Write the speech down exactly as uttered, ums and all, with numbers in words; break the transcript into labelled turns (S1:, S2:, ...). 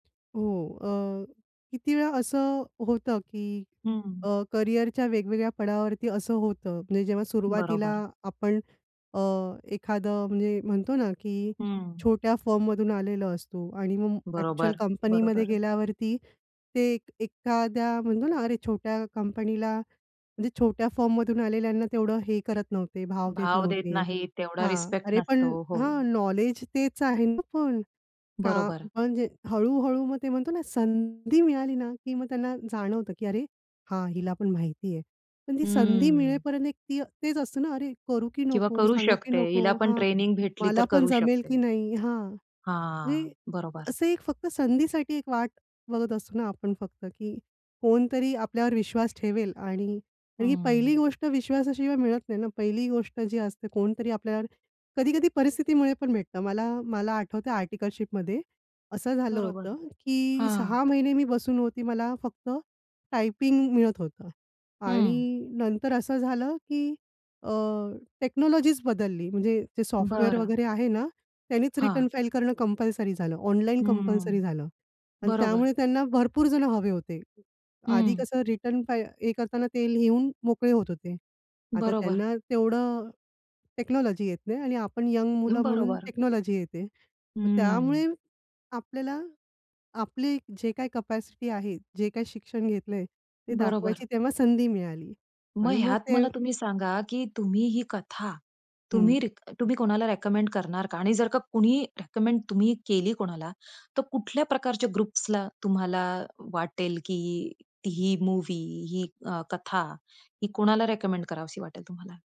S1: हो. अ, किती वेळा असं होतं की,
S2: हं.
S1: अ, करियरच्या वेगवेगळ्या पडावावरती असं होतं, म्हणजे जेव्हा सुरुवातीला
S2: बरोबर.
S1: आपण अ, एखादं म्हणजे म्हणतो ना, की
S2: हम्म.
S1: छोट्या फर्ममधून आलेलो असतो आणि मग अ‍ॅक्चुअल
S2: बरोबर,
S1: कंपनीमध्ये
S2: बरोबर.
S1: गेल्यावरती ते एक एखाद्या, म्हणतो ना, अरे छोट्या कंपनीला म्हणजे छोट्या फर्ममधून आलेल्यांना तेवढं हे करत नव्हते, भाव देत
S2: भाव देत
S1: नव्हते.
S2: नाही. तेवढा
S1: हां.
S2: रिस्पेक्ट
S1: अरे पण
S2: नसतो. हो.
S1: हां, नॉलेज तेच आहे ना पण. का
S2: बरोबर.
S1: म्हणजे हळू हळू मग ते म्हणतो ना, संधी मिळाली ना, की मग त्यांना जाणवतं की अरे! हां, हिला पण माहिती आहे. पण ती संधी
S2: हम्म.
S1: मिळेपर्यंत एक ती तेच असतं ना, अरे, करू की
S2: किंवा
S1: नको,
S2: करू
S1: सांगू की
S2: शकते,
S1: नको,
S2: हिला पण
S1: हां.
S2: ट्रेनिंग भेटली
S1: मला
S2: तर
S1: पण
S2: करू
S1: जमेल
S2: शकते.
S1: की नाही? हां. म्हणजे
S2: हां. बरोबर.
S1: असं एक फक्त संधीसाठी एक वाट बघत असतो ना आपण फक्त, की कोणतरी आपल्यावर विश्वास ठेवेल आणि तर ही पहिली
S2: हं.
S1: गोष्ट विश्वासाशिवाय मिळत नाही ना, पहिली गोष्ट जी असते, कोणतरी आपल्यावर कधी-कधी परिस्थितीमुळे पण भेटतं. मला, मला आठवतंय आर्टिकलशिपमध्ये असं झालं
S2: बरोबर,
S1: होतं, की
S2: हां.
S1: सहा महिने मी बसून होती. मला फक्त टायपिंग मिळत होतं
S2: हं.
S1: आणि नंतर असं झालं की अ, टेक्नॉलॉजीच बदलली. म्हणजे जे सॉफ्टवेअर
S2: बरं.
S1: वगैरे आहे ना, त्यांनीच रिटर्न
S2: हां.
S1: फाईल करणं कंपल्सरी झालं. ऑनलाईन
S2: हम्म.
S1: कंपल्सरी झालं आणि
S2: बरोबर.
S1: त्यामुळे त्यांना भरपूर जणं हवे होते. आधी
S2: हं.
S1: कसं, रिटर्न फा हे करताना ते लिहून मोकळे होत होते. आता
S2: बरोबर.
S1: त्यांना तेवढं टेक्नॉलॉजी येत नाही आणि आपण यंग मुलं म्हणून
S2: बरोबर.
S1: टेक्नॉलॉजी येते. तर
S2: हं.
S1: त्यामुळे आपल्याला आपली जे काही कॅपॅसिटी आहे, जे काही शिक्षण घेतलंय, ते
S2: बरोबर.
S1: दाखवायची तेव्हा संधी मिळाली.
S2: मग
S1: आणि मग
S2: ह्यात
S1: ते
S2: मला तुम्ही सांगा, की तुम्ही ही कथा,
S1: हं.
S2: तुम्ही रि तुम्ही कोणाला रिकमेंड करणार का आणि जर का कोणी रिकमेंड तुम्ही केली कोणाला, तर कुठल्या प्रकारच्या ग्रुप्सला तुम्हाला वाटेल की ही ही मूव्ही ही अ, कथा ही कोणाला रिकमेंड करावीशी वाटेल तुम्हाला?